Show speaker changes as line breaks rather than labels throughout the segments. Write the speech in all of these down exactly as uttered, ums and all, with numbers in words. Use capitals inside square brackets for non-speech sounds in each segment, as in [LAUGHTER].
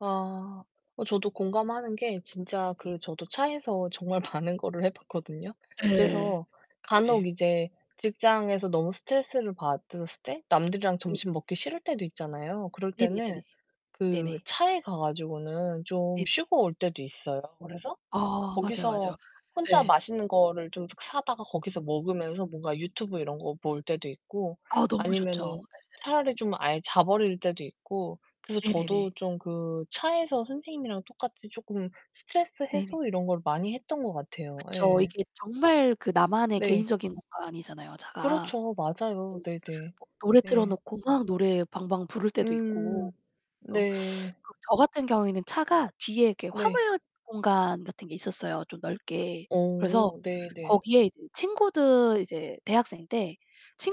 아 어 저도 공감하는 게 진짜
네.
그 저도 차에서 정말 많은 거를 해 봤거든요.
예.
그래서 간혹
네.
이제 직장에서 너무 스트레스를 받았을 때 남들이랑
네네네네.
점심 먹기 싫을 때도 있잖아요. 그럴
네네네네.
때는 그
네네.
차에 가 가지고는 좀
네네.
쉬고 올 때도 있어요. 그래서
아 맞아요,
거기서
맞아요.
혼자
예.
맛있는 거를 좀 사다가 거기서 먹으면서 뭔가 유튜브 이런 거 볼 때도 있고
아 너무
아니면은
좋죠.
차라리
예예.
좀 아예 자버릴 때도 있고 그래서
네네네.
저도 좀 그 차에서 선생님이랑 똑같이 쪼끔 스트레스
네네.
해소 이런 걸 많이 했던 것 같아요.
그쵸.
예.
이게 정말 그 나만의
네.
개인적인 공간이잖아요, 차가.
그렇죠. 맞아요. 네네.
뭐 노래 틀어
네.
놓고 막 노래 방방 부를 때도 있고.
음
그래서
네.
그 저 같은 경우에는 차가 뒤에 이렇게
네.
화물 공간 같은 게 있었어요, 좀 넓게. 그래서
어 네네.
거기에 이제 친구들 이제 대학생 때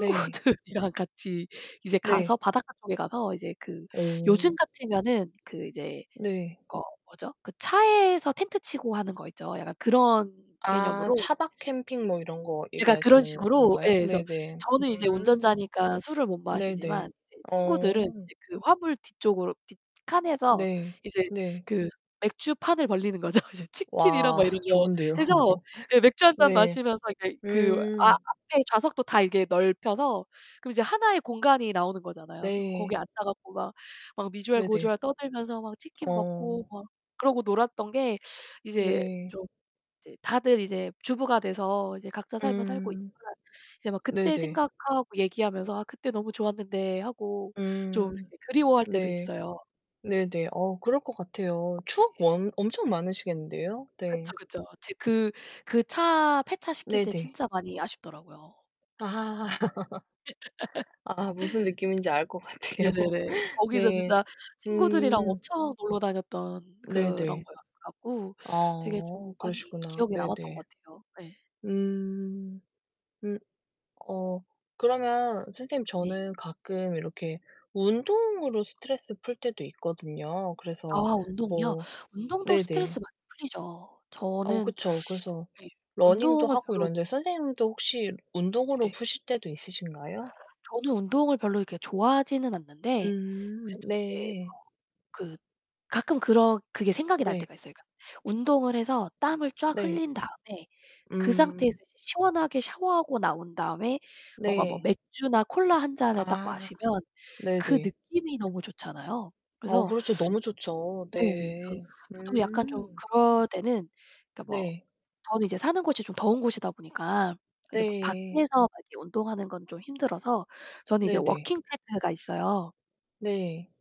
네.
같이 이제 가서
네.
바닷가 쪽에 가서 이제 그 요즘
어.
같으면은 그 이제
네.
그 어 뭐죠? 그 차에서 텐트 치고 하는 거 있죠. 약간 그런
아
개념으로
차박 캠핑 뭐 이런 거
약간 그런
얘기하시는
식으로
건가요?
예 그래서
네네.
저는 이제
음.
운전자니까 술을 못
네네.
마시지만 이제
어.
친구들은 이제 그 화물 뒤쪽으로 뒤 칸에서
네.
이제
네.
그 맥주판을 벌리는 거죠. 이제 치킨이랑 막
와
이런 거
좋은데요.
해서
[LAUGHS]
예 맥주 한 잔
네.
마시면서 이제 그 아
음.
앞에 좌석도 다 이렇게 넓혀서 그럼 이제 하나의 공간이 나오는 거잖아요. 그래서 거기
네.
앉아 갖고 막, 막 미주알
네네.
고주알 떠들면서 막 치킨 먹고
어.
막 그러고 놀았던 게 이제
네.
좀 이제 다들 이제 주부가 돼서 이제 각자 삶을 살고
음.
있지만 이제 막 그때
네네.
생각하고 얘기하면서 "아 그때 너무 좋았는데." 하고 좀
음.
그리워할 때도
네.
있어요.
네네. 어 그럴 것 같아요.
네.
추억 엄 엄청 많으시겠는데요?
그쵸,
네.
그쵸. 제 그 그 차 폐차 시킬 때
네네.
진짜 많이 아쉽더라고요.
아. [LAUGHS] 아 무슨
[LAUGHS]
느낌인지 알 것 같아요.
네네네. 거기서
네.
진짜 친구들이랑
음.
엄청 놀러 다녔던 그런
네네.
거였어 갖고 되게 좀
아
많이
그러시구나.
기억에 남았던
네네.
것 같아요. 네.
음. 음 어 그러면 선생님
네.
저는 가끔 이렇게 운동으로 스트레스 풀 때도 있거든요.
아
그래서
운동이요?
뭐
운동도 스트레스
네네.
많이 풀리죠.
어
저는
그쵸. 그래서
예.
러닝도
운동을
하고
별로
이러는데 선생님도 혹시 운동으로
네네.
푸실 때도 있으신가요?
저는 운동을 별로 이렇게 좋아하지는 않는데
음
그래도 이제 뭐
네.
그 가끔 그런 그게 생각이 날
네.
때가 있어요. 그러니까 운동을 해서 땀을 쫙
네.
흘린 다음에 그 상태에서
음.
이제 시원하게 샤워하고 나온 다음에 뭔가 뭐
네.
맥주나 콜라 한 잔을 딱
아
마시면 그
네네.
느낌이 너무 좋잖아요.
어
그래서
그렇죠. 너무 좋죠.
예 그래서
네.
저도 약간 좀
음.
그럴 때는 그니까 뭐
네.
저는 이제 사는 곳이 좀 더운 곳이다 보니까 이제 막
네.
밖에서 막 이렇게 운동하는 건 좀 힘들어서 저는 이제
네네.
워킹 패드가 있어요.
네.